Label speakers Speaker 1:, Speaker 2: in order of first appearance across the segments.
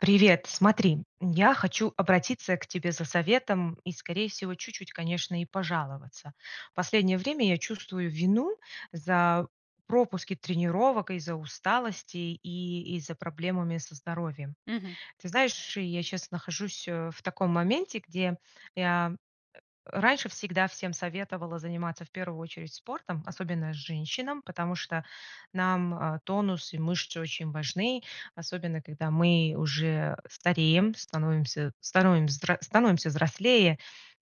Speaker 1: Привет. Смотри, я хочу обратиться к тебе за советом и, скорее всего, чуть-чуть, конечно, и пожаловаться. Последнее время я чувствую вину за пропуски тренировок, из-за усталости, и из-за проблемами со здоровьем.
Speaker 2: Мгм.
Speaker 1: Ты знаешь, я щас нахожусь, э, в таком моменте, где я, э, раньше всегда всем советовала заниматься в 1 очередь спортом, особенно женщинам, потому что нам, а, тонус и мышцы очень важны, особенно когда мы уже стареем, становимся становимся взр становимся взрослее.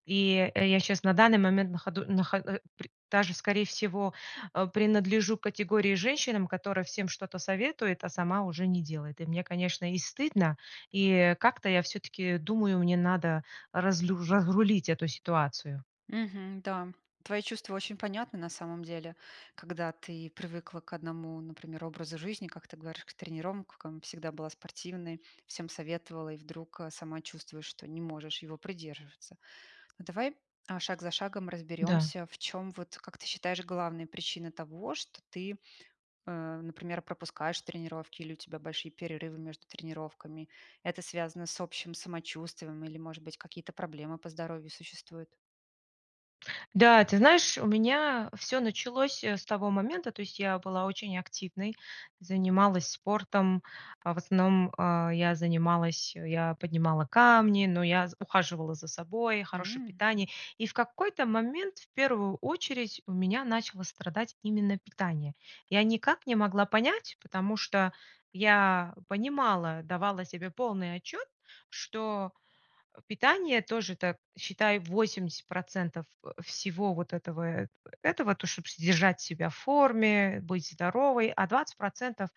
Speaker 1: И я щас на данный момент находу нахо а, э, пр даже скорее всего, а, принадлежу к категории женщинам, которая всем что-то советует, а сама уже не делает. И мне, конечно, и стыдно, и как-то я всё-таки думаю мне надо разлю разрулить эту ситуацию.
Speaker 2: Мгм. Да. Твои чувства очень понятны на самом деле, когда ты привыкла к 1, например, образу жизни, как ты говоришь, к тренировкам, всегда была спортивной, всем советовала, и вдруг, а, сама чувствуешь, что не можешь его придерживаться. А давай, а, шаг за шагом
Speaker 1: Да.
Speaker 2: разберёмся, в чём вот, как ты считаешь, главные причины того, что ты, а, например, пропускаешь тренировки, или у тебя большие перерывы между тренировками. Это связано с общим самочувствием, или, может быть, какие-то проблемы по здоровью существуют?
Speaker 1: Да, ты знаешь, у меня всё началось, э, с того момента, то есть я была очень активной, занималась спортом, а в основном, а, я занималась, а, я поднимала камни, но я з ухаживала за собой, хорошее
Speaker 2: М.
Speaker 1: питание. И в какой-то момент в 1 очередь у меня начало страдать именно питание. Я никак не могла понять, потому что я понимала, давала себе полный отчет, что питание тоже это считай 80 %, э, всего вот этого в этого, чтобы содержать себя форме, быть здоровой, а 20 %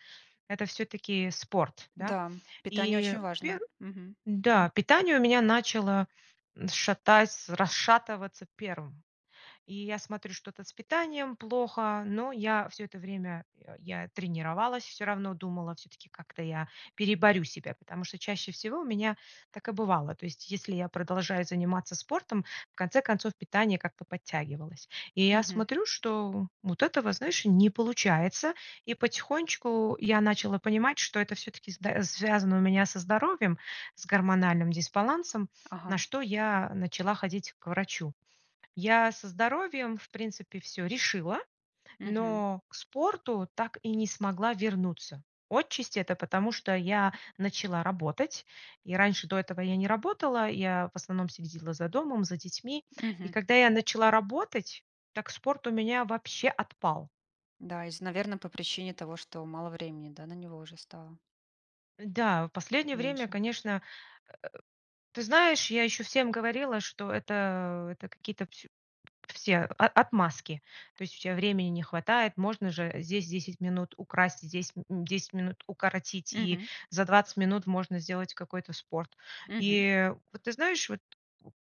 Speaker 1: это всё-таки спорт, да.
Speaker 2: Да, питание
Speaker 1: И
Speaker 2: очень важно.
Speaker 1: пер
Speaker 2: Мгм.
Speaker 1: да, питание у меня начало шатать, расшатываться 1. И я смотрю, что-то с питанием плохо, но я всё это время я тренировалась, всё равно думала, все-таки как-то я переборю себя, потому что чаще всего у меня так и бывало. То есть если я продолжаю заниматься спортом, в конце концов питание как-то подтягивалось. И я
Speaker 2: Мгм.
Speaker 1: смотрю, что вот этого, знаешь не получается. И потихонечку я начала понимать, что это всё-таки зд связано у меня со здоровьем, с гормональным дисбалансом, на
Speaker 2: Ага.
Speaker 1: что я начала ходить к врачу. Я со здоровьем в принципе всё решила,
Speaker 2: Мгм.
Speaker 1: но к спорту так и не смогла вернуться. Отчасти это потому, что я начала работать. И раньше до этого я не работала, я в основном следила за домом, за детьми. И
Speaker 2: Мгм.
Speaker 1: когда я начала работать, так спорт у меня вообще отпал.
Speaker 2: Да, из-за, наверное, по причине того, что мало времени да, на него уже стало?
Speaker 1: Да, в последнее время
Speaker 2: Меньше.
Speaker 1: конечно э, ты знаешь, я ещё всем говорила, что это, а, это какие-то пс все о отмазки, то есть у тя времени не хватает. Можно же здесь 10 минут украсть, здесь, м, 10 минут укоротить, и
Speaker 2: Мгм.
Speaker 1: за 20 минут можно сделать какой-то спорт.
Speaker 2: Мгм.
Speaker 1: И вот ты знаешь вот,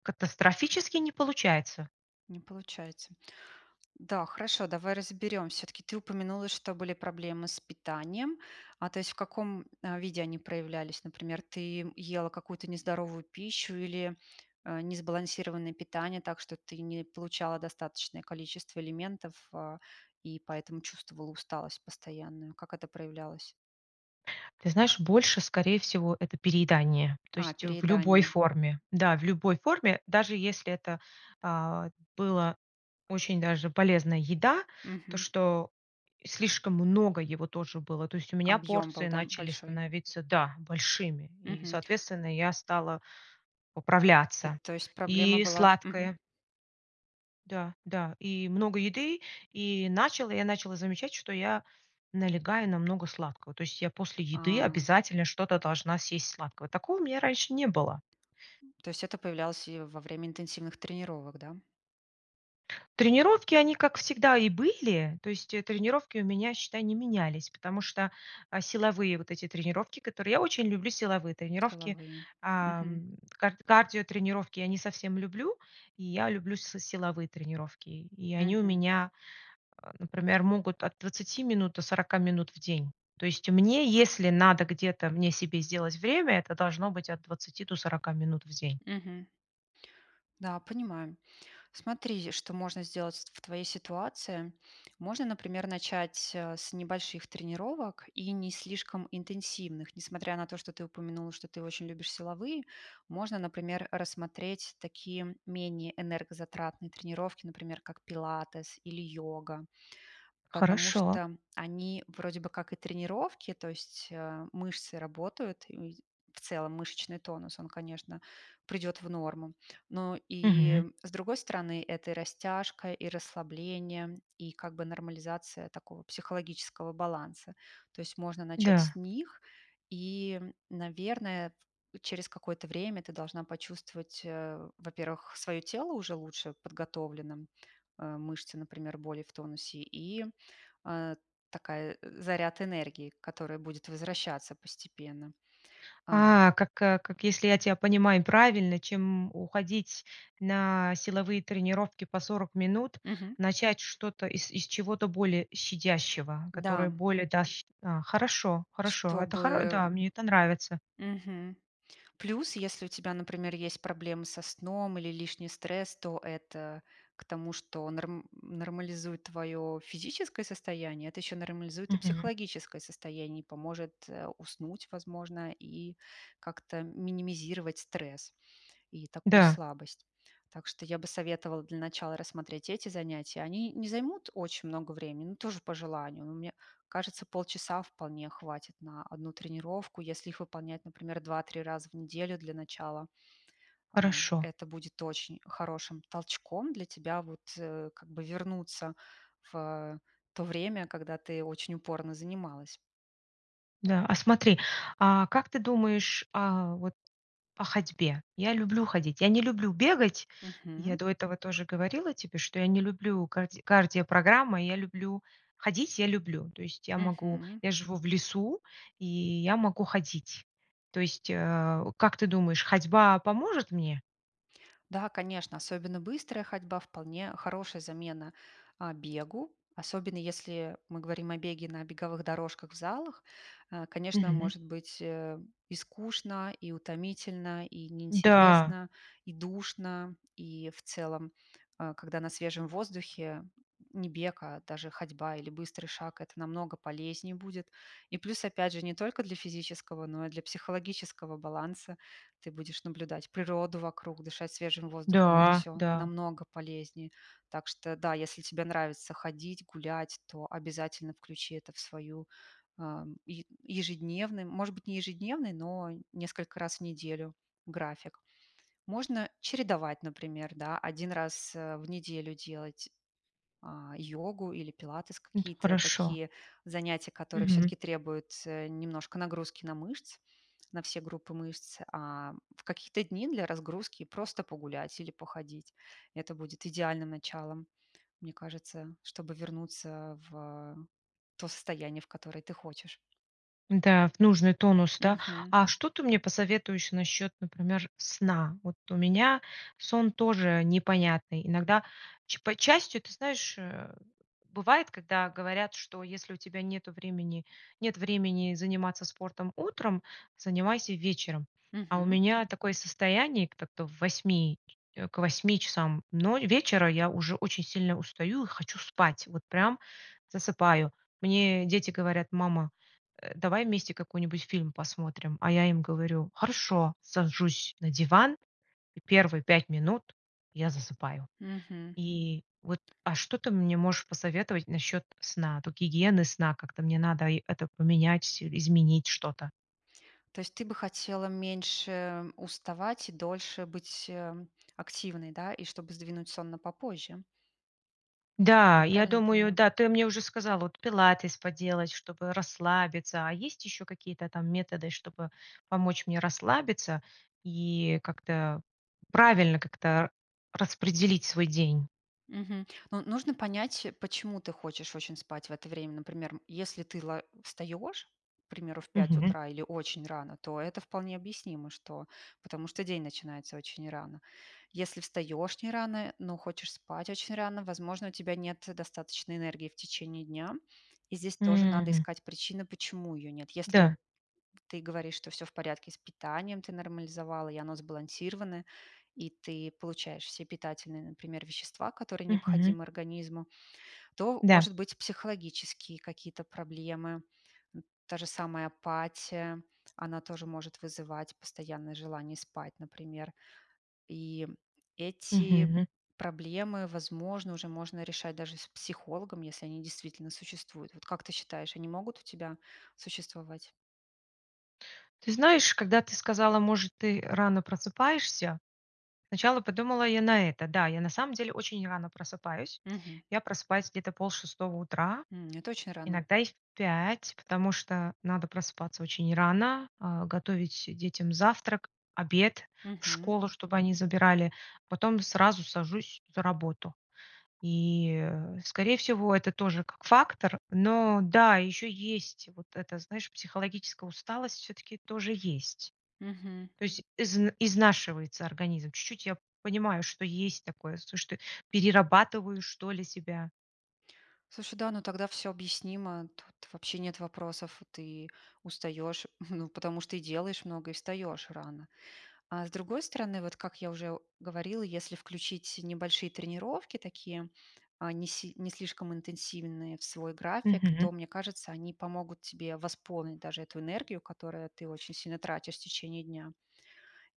Speaker 1: катастрофически не получается.
Speaker 2: Не получается. Да, хорошо, давай разберемся. Всё-таки, ты упомянула, что были проблемы с питанием, а, то есть в каком виде они проявлялись? Например, ты ела какую-то нездоровую пищу или, э, несбалансированное питание так, что ты не получала достаточное количество элементов, а, и поэтому чувствовала усталость постоянную? Как это проявлялось?
Speaker 1: Ты знаешь, больше скорее всего это переедание. То
Speaker 2: А,
Speaker 1: есть в любой
Speaker 2: переедание.
Speaker 1: форме. Да, в любой форме, даже если это, а, было очень даже полезная еда, то
Speaker 2: Мгм.
Speaker 1: что слишком много его тоже было. То есть у меня
Speaker 2: Объём был,
Speaker 1: порции
Speaker 2: да,
Speaker 1: начали
Speaker 2: большой?
Speaker 1: становиться, да, большими, и,
Speaker 2: Мгм.
Speaker 1: соответственно, я стала
Speaker 2: И,
Speaker 1: поправляться.
Speaker 2: то есть проблема
Speaker 1: И
Speaker 2: была Мгм.
Speaker 1: сладкое. Да, да, и много еды. И начала я, начала замечать, что я налегаю на много сладкого, то есть я после еды
Speaker 2: А.
Speaker 1: обязательно что-то должна съесть сладкого. Такого у меня раньше не было.
Speaker 2: То есть это появлялось и во время интенсивных тренировок, да?
Speaker 1: Тренировки, они, как всегда, и были, то есть, э, тренировки у меня, считай, не менялись, потому что, а, силовые вот эти тренировки которые, я очень люблю силовые тренировки.
Speaker 2: Силовые. Мгм.
Speaker 1: Ам, кар кардиотренировки я не совсем люблю, и я люблю с силовые тренировки. И они у
Speaker 2: Мгм.
Speaker 1: меня, а, например, могут от 20 минут до 40 минут в день. То есть мне, если надо где-то мне себе сделать время, это должно быть от 20 до 40 минут в день.
Speaker 2: Мгм. Да, понимаю. Смотри, что можно сделать ст в твоей ситуации. Можно, например, начать, а, с небольших тренировок, и не слишком интенсивных. Несмотря на то, что ты упомянула, что ты очень любишь силовые, можно, например, рассмотреть такие, менее энергозатратные тренировки, например, как пилатес, или йога. Потому
Speaker 1: Хорошо.
Speaker 2: что они вроде бы как и тренировки, то есть, а, мышцы работают, и в целом мышечный тонус, он, конечно, придёт в норму. Но
Speaker 1: Мгм.
Speaker 2: и с другой стороны- это и растяжка, и расслабление, и как бы нормализация такого психологического баланса. То есть, можно начать
Speaker 1: Да.
Speaker 2: с них. И, наверное, т через какое-то время ты должна почувствовать, э, во-первых, своё тело уже лучше подготовленным, а, мышцы, например, более в тонусе и, а, такая, заряд энергии, которая будет возвращаться постепенно. Ам
Speaker 1: А, как как если я тебя понимаю правильно, чем уходить на силовые тренировки по 40 минут,
Speaker 2: Мгм.
Speaker 1: начать что-то и из чего-то более щадящего,
Speaker 2: Да.
Speaker 1: которое более да, ще а, хорошо. Хорошо. Это хор
Speaker 2: Чтобы,
Speaker 1: да, мне это нравится.
Speaker 2: м, м. Мгм. Плюс, если у тебя, например, есть проблемы со сном, или лишний стресс, то это к тому, что норм нормализует твое физическое состояние, это ещё нормализует и
Speaker 1: Мгм.
Speaker 2: психологическое состояние, и поможет, э, уснуть, возможно, и как-то минимизировать стресс, и такую
Speaker 1: Да.
Speaker 2: слабость. Так что я бы советовала для начала рассмотреть эти занятия. Они не займут очень много времени, но тоже по желанию. Но мне кажется, полчаса вполне хватит на 1 тренировку, если их выполнять, например, 2-3 раза в неделю для начала. А,
Speaker 1: Хорошо.
Speaker 2: это будет очень хорошим толчком для тебя вот, э, как бы вернуться в то время, когда ты очень упорно занималась.
Speaker 1: Да. А смотри, а как ты думаешь, а, вот, а ходьбе? Я люблю ходить, я не люблю бегать, я
Speaker 2: Мгм.
Speaker 1: до этого тоже говорила тебе, что я не люблю карди кардиопрограммы, я люблю ходить я люблю. То есть я могу,
Speaker 2: Мгм.
Speaker 1: я живу в лесу, и я могу ходить. То есть, а, как ты думаешь, ходьба поможет мне?
Speaker 2: Да, конечно, особенно быстрая ходьба вполне хорошая замена, а, бегу, особенно если мы говорим о беге на беговых дорожках в залах. Э, конечно,
Speaker 1: Мгм.
Speaker 2: может быть, э, и скучно, и утомительно, и
Speaker 1: Да.
Speaker 2: неинтересно, и душно, и в целом, а, когда на свежем воздухе не бег, а даже ходьба, или быстрый шаг, это намного полезнее будет. И плюс опять же не только для физического, но и для психологического баланса, ты будешь наблюдать природу вокруг, дышать свежим воздухом- это
Speaker 1: Да,
Speaker 2: всё
Speaker 1: да.
Speaker 2: намного полезнее. Так что да, если тебе нравится ходить, гулять, то обязательно включи это в свою, а, еж ежедневную, может быть, не ежедневный, но несколько раз в неделю, график. Можно чередовать, например, да. 1 раз, э, в неделю делать, а, йогу, или пилатес,
Speaker 1: М.
Speaker 2: какие-то
Speaker 1: Хорошо.
Speaker 2: такие занятия, которые
Speaker 1: Мгм.
Speaker 2: всё-таки требуют, э, немножко нагрузки на мышцы, на все группы мышц, а в какие-то дни для разгрузки просто погулять или походить. Это будет идеальным началом, мне кажется, чтобы вернуться в то состояние, в которое ты хочешь.
Speaker 1: Да. В нужный тонус, да?
Speaker 2: Мгм.
Speaker 1: А что ты мне посоветуешь насчет, например, сна? Вот у меня сон тоже непонятный. Иногда ч по частью, ты знаешь, э, бывает, когда говорят, что если у тебя нету времени, нет времени заниматься спортом утром, занимайся вечером. А у
Speaker 2: Мгм.
Speaker 1: меня такое состояние, так-то в 8, к 8 часам но вечера я уже очень сильно устаю, и хочу спать, вот прям засыпаю. Мне дети говорят: "Мама, э, давай вместе какой-нибудь фильм посмотрим." А я им говорю: "Хорошо." Сажусь на диван, и 1 5 минут я засыпаю.
Speaker 2: Мгм.
Speaker 1: И вот, а что ты мне можешь посоветовать насчет сна, тут гигиены сна? Как-то мне надо и это поменять, изменить что-то?
Speaker 2: То есть ты бы хотела меньше уставать, и дольше быть, э, активной, да? И чтобы сдвинуть сон попозже.
Speaker 1: Да,
Speaker 2: Я
Speaker 1: я
Speaker 2: правильно
Speaker 1: думаю,
Speaker 2: поняла?
Speaker 1: да, ты мне уже сказала вот пилатес поделать, чтобы расслабиться. А есть еще какие-то, там, методы, чтобы помочь мне расслабиться, и как-то, правильно как-то распределить свой день?
Speaker 2: Мгм. Ну, нужно понять, почему ты хочешь очень спать в это время. Например, если ты ла встаёшь, к примеру, в
Speaker 1: Мгм.
Speaker 2: утра, или очень рано, то это вполне объяснимо, что, потому что день начинается очень рано. Если встаёшь не рано, но хочешь спать очень рано, возможно, у тебя нет достаточно энергии в течение дня. И здесь тоже надо
Speaker 1: М.
Speaker 2: искать причины, почему её нет. Если
Speaker 1: Да.
Speaker 2: ты говоришь, что всё в порядке с питанием, ты нормализовала, и оно сбалансировано, и ты получаешь все питательные, например, вещества, которые
Speaker 1: Мгм.
Speaker 2: необходимы организму, то
Speaker 1: Да.
Speaker 2: может быть психологические какие-то проблемы. М. Та же самая апатия, она тоже может вызывать постоянное желание спать, например. И эти
Speaker 1: Мгм.
Speaker 2: проблемы, возможно, уже можно решать даже с психологом, если они действительно существуют. Вот как ты считаешь, они могут у тебя существовать?
Speaker 1: Ты знаешь, когда ты сказала: "Может ты рано просыпаешься?" Сначала подумала я на это, да. Я на самом деле очень рано просыпаюсь.
Speaker 2: Мгм.
Speaker 1: Я просыпаюсь где-то полшестого утра,
Speaker 2: М. Это очень рано.
Speaker 1: иногда и в 5, потому что надо просыпаться очень рано, а, готовить детям завтрак, обед в
Speaker 2: Мгм.
Speaker 1: школу, чтобы они забирали, потом сразу сажусь за работу. И, скорее всего, это тоже как фактор. Но да, еще есть вот это знаешь, психологическая усталость, все-таки тоже есть.
Speaker 2: Мгм.
Speaker 1: То есть из изнашивается организм, чуть-чуть я понимаю, что есть такое, сушты перерабатываю что ли себя.
Speaker 2: Слушай, да, ну тогда всё объяснимо, тут вообще нет вопросов. Ты устаёшь, ну, потому что и делаешь много, и встаёшь рано. А с другой стороны, вот как я уже говорила, если включить небольшие тренировки, такие, а, не си не слишком интенсивные в свой график,
Speaker 1: Мгм.
Speaker 2: то, мне кажется, они помогут тебе восполнить даже эту энергию, которую ты очень сильно тратишь в течение дня.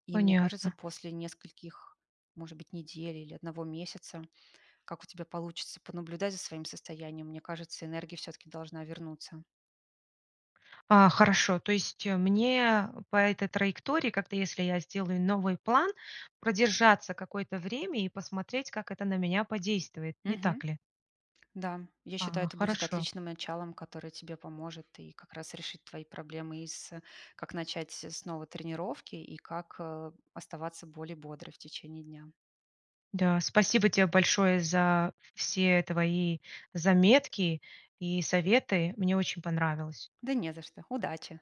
Speaker 2: И мне кажется,
Speaker 1: Понятно.
Speaker 2: после нескольких, может быть, недель или 1 месяца, как у тебя получится понаблюдать за своим состоянием, мне кажется, энергия всё-таки должна вернуться.
Speaker 1: А, хорошо. То есть, э, мне по этой траектории, как-то если я сделаю новый план, продержаться какое-то время, и посмотреть, как это на меня подействует, не
Speaker 2: Мгм.
Speaker 1: так ли?
Speaker 2: Да, я считаю,
Speaker 1: А,
Speaker 2: это будет
Speaker 1: хорошо.
Speaker 2: отличным началом, которое тебе поможет, и как раз решить твои проблемы, и с как начать снова тренировки и как, э, оставаться более бодрой в течение дня.
Speaker 1: Да. Спасибо те большое за все твои заметки, и советы, мне очень понравилось.
Speaker 2: Да не за что! Удачи!